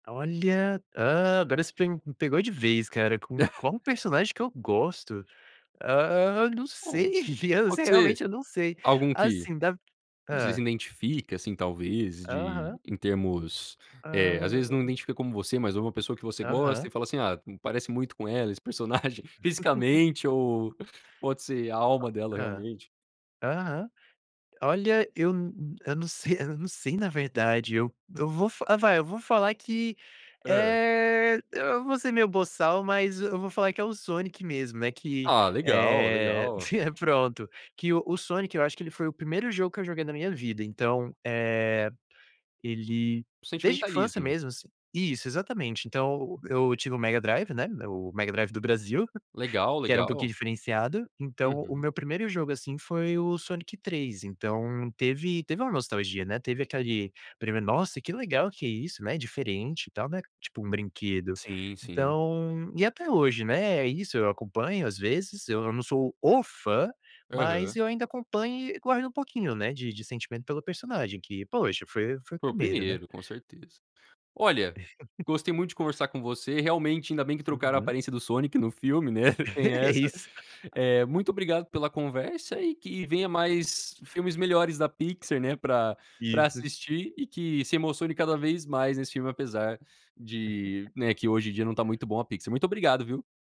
Olha, hã, agora você pe me pegou de vez, cara, "com qual personagem que eu gosto?". Hã, não Hum, sei, se pode ser realmente eu não sei. algum que Assim, da você se Hã. identifica, assim, talvez, de Aham. em termos, eh, às vezes não Hã. identifica como você, mas uma pessoa que você gosta, Aham. e fala assim "Ah, me parece muito com ela, esse personagem", fisicamente ou pode ser a alma dela, Hã. realmente. Aham. Olha, eu n eu não sei não sei, na verdade, eu eu vou f ah, vai, eu vou falar que, Hã. eh, eu eu vou ser meio boçal, mas eu vou falar que é o Sonic mesmo, né, que, Ah, legal, eh legal. pronto, que o o Sonic, eu acho que ele foi o 1º jogo que eu joguei na minha vida, então, eh, ele O desde a infância sentimentalismo. mesmo, assim Isso, exatamente. Então, eu tive o Mega Drive, né, o Mega Drive do Brasil, Legal, que era um pouquinho legal. diferenciado, então o Uhum. meu 1º jogo, assim, foi o Sonic 3, então teve teve uma nostalgia, né, teve aquele primeiro: "Nossa, que legal que isso, né, diferente e tal, né", tipo um brinquedo. Sim, sim. Então e até hoje, né, é isso, eu acompanho, às vezes, eu não não sou o fã, mas Aham. eu ainda acompanho e guardo um pouquinho, né, de de sentimento pelo personagem que, poxa, foi foi o Foi o 1º, né. 1º, com certeza. Olha, gostei muito de conversar com você. Realmente, ainda bem que trocaram a Uhum. aparência do Sonic no filme, né, tem essa. Isso. Eh, muito obrigado pela conversa e que venha mais filmes melhores da Pixar, né, pra pra Isso. assistir e que se emocione cada vez mais nesse filme, apesar de, né, que hoje em não tá muito bom a Pixar. Muito obrigado, viu.